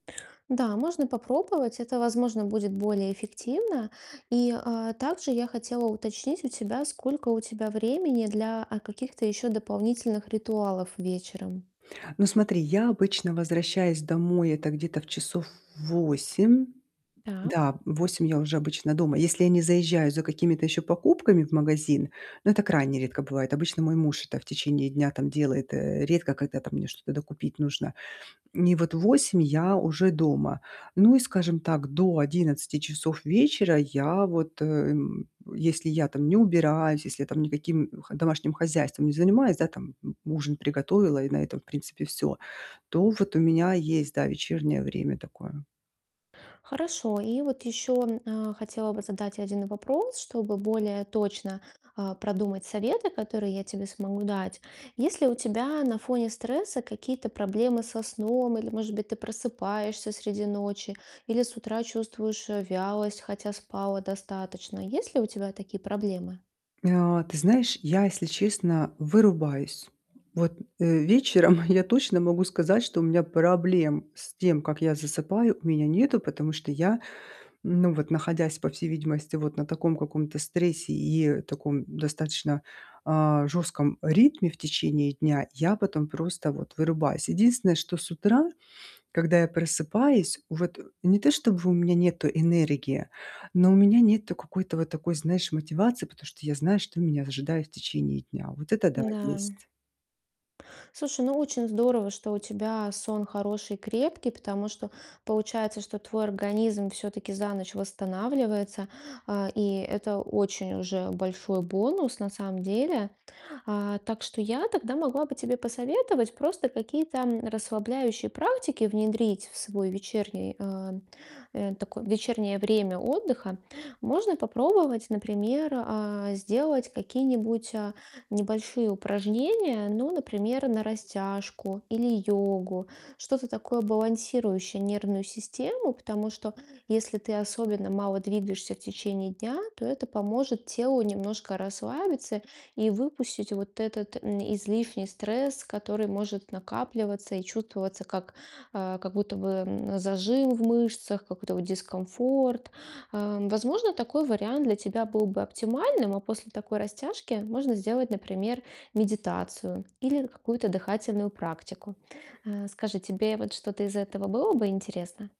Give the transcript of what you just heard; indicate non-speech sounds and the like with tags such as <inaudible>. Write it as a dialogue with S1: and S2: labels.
S1: Да, можно попробовать. Это, возможно, будет более эффективно. И, а, также я хотела уточнить у тебя, сколько у тебя времени для, а, каких-то еще дополнительных ритуалов вечером?
S2: Ну смотри, я обычно возвращаюсь домой, это где-то в часов 8.
S1: Так.
S2: Да, в 8 я уже обычно дома, если я не заезжаю за какими-то еще покупками в магазин, но это крайне редко бывает. Обычно мой муж это в течение дня там делает. Э, редко когда там мне что-то докупить нужно. И вот в 8 я уже дома. Ну и, скажем так, до 11 часов вечера я, вот, э, м, если я там не убираюсь, если я там никаким, м, х домашним хозяйством не занимаюсь, да, там <grunts> ужин приготовила и на этом, в принципе, всё. То вот у меня есть, да, вечернее время такое.
S1: Хорошо. И вот еще, а, хотела бы задать 1 вопрос, чтобы более точно, а, продумать советы, которые я тебе смогу дать. Есть ли у тебя на фоне стресса какие-то проблемы со сном? Или, может быть, ты просыпаешься среди ночи или с утра чувствуешь, э, вялость, хотя спала достаточно. Есть ли у тебя такие проблемы?
S2: А, ты знаешь, я, если честно, вырубаюсь. Вот, э, вечером <chuckles> я точно могу сказать, что у меня проблем с тем, как я засыпаю, у меня нету. Потому что я, ну вот находясь, по всей видимости, вот на таком каком-то стрессе и таком достаточно, а, жестком ритме в течение дня, я потом просто вот вырубаюсь. Единственное, что с утра, когда я просыпаюсь, вот не то чтобы у меня нету энергии, но у меня нету какой-то вот такой, знаешь, мотивации, потому что я знаю, что меня ожидает в течение дня. Вот это да,
S1: Н-да.
S2: есть.
S1: Слушай, ну, очень здорово, что у тебя сон хороший, крепкий, потому что получается, что твой организм все-таки за ночь восстанавливается. А, и это очень уже большой бонус, на самом деле. А, так что я тогда могла бы тебе посоветовать просто какие-то расслабляющие практики внедрить в свой вечерний, э, э, такой вечернее время отдыха. Можно попробовать, например, а, сделать какие-нибудь, а, небольшие упражнения. Ну, например, на растяжку или йогу. Что-то такое, балансирующее нервную систему. Потому что, если ты особенно мало двигаешься в течение дня, то это поможет телу немножко расслабиться и выпустить вот этот, м, излишний стресс, который может накапливаться и чувствоваться как, а, как будто бы, м, зажим в мышцах, какой-то вот дискомфорт. Э, возможно, такой вариант для тебя был бы оптимальным, а после такой растяжки можно сделать, например, медитацию или какую-то дыхательную практику. Э, скажи, тебе вот что-то из этого было бы интересно?